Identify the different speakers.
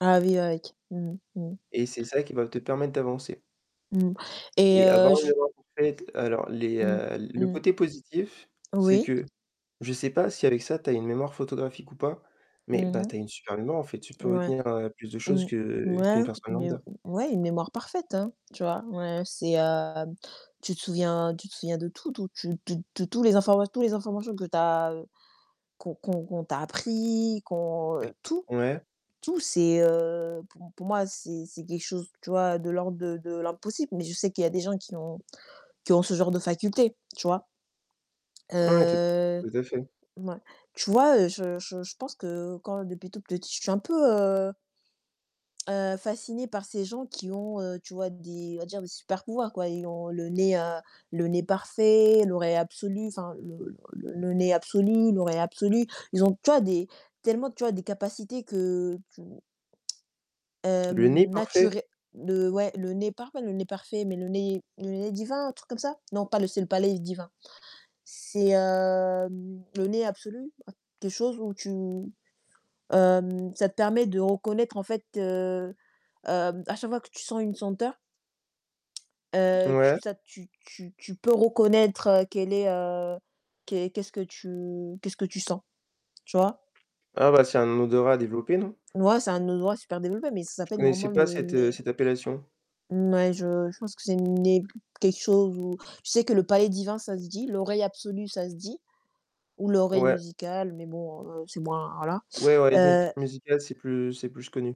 Speaker 1: Ah oui avec mmh mh, mmh.
Speaker 2: Et c'est ça qui va te permettre d'avancer
Speaker 1: Mmh mh et
Speaker 2: et avoir
Speaker 1: heu,
Speaker 2: une
Speaker 1: je
Speaker 2: [unintelligible] alors les,
Speaker 1: Mmh,
Speaker 2: heu le
Speaker 1: mmh.
Speaker 2: côté positif, c'est
Speaker 1: Oui.
Speaker 2: que je sais pas si avec ça, tu as une mémoire photographique ou pas,
Speaker 1: Mmh
Speaker 2: mais
Speaker 1: mh.
Speaker 2: bah tu as une super en fait, tu peux
Speaker 1: Ouais.
Speaker 2: retenir plus de choses
Speaker 1: Mmh.
Speaker 2: que
Speaker 1: Ouais
Speaker 2: qu'une personne.
Speaker 1: mais heu ouais, une mémoire parfaite hein. Tu vois? Ouais, c'est, heu, tu te souviens tu te souviens de tout, tout, tu tu tu tous les informa tous les informations que tu as qu'on qu'on qu'on t'a appris, qu'on tout,
Speaker 2: Ouais.
Speaker 1: tout, c'est, heu, pou pour moi, c'est c'est quelque chose, tu vois, de l'ordre de de l'impossible, mais je sais qu'il y a des gens qui ont qui ont ce genre de faculté. Tu vois?
Speaker 2: Ouais, tout
Speaker 1: Heu
Speaker 2: tout à fait.
Speaker 1: ouais. Tu vois, heu, je je je pense que quand depuis toute petite, je suis un peu, heu heu, fascinée par ces gens qui ont, heu, tu vois des, on va dire des super pouvoirs quoi. Ils ont le nez, heu, le nez parfait, l'oreille absolue, enfin le le le nez absolu, l'oreille absolue. Ils ont, tu vois, des, tellement, tu vois, des capacités que tu heu,
Speaker 2: Le nez
Speaker 1: nature
Speaker 2: parfait?
Speaker 1: le ouais, le nez par le nez parfait, mais le nez, le nez divin, un truc comme ça? Non, pas le c'est le palais divin c'est, heu, le nez absolu, quelque chose où tu hem, ça te permet de reconnaître en fait, heu heu, à chaque fois que tu sens une senteur, heu, tu
Speaker 2: Ouais.
Speaker 1: ça tu tu tu peux reconnaître qu'elle est, heu, qu qu'est-ce que tu qu'est-ce que tu sens. Tu vois?
Speaker 2: Ah bah c'est un odorat développé non?
Speaker 1: Ouais, c'est un odorat super développé, mais ça
Speaker 2: Je
Speaker 1: s'appelle, normalement,
Speaker 2: connaissais pas
Speaker 1: le
Speaker 2: cette, heu,
Speaker 1: nez
Speaker 2: cette appellation.
Speaker 1: Ouais, je je pense que c'est le nez quelque chose où je sais que le palais divin, ça se dit, l'oreille absolue, ça se dit. Ou l'oreille
Speaker 2: Ouais.
Speaker 1: musicale, mais bon, heu, c'est moins voilà,
Speaker 2: Ouais, avoir les zmuc
Speaker 1: heu
Speaker 2: musical, c'est plus c'est plus connu.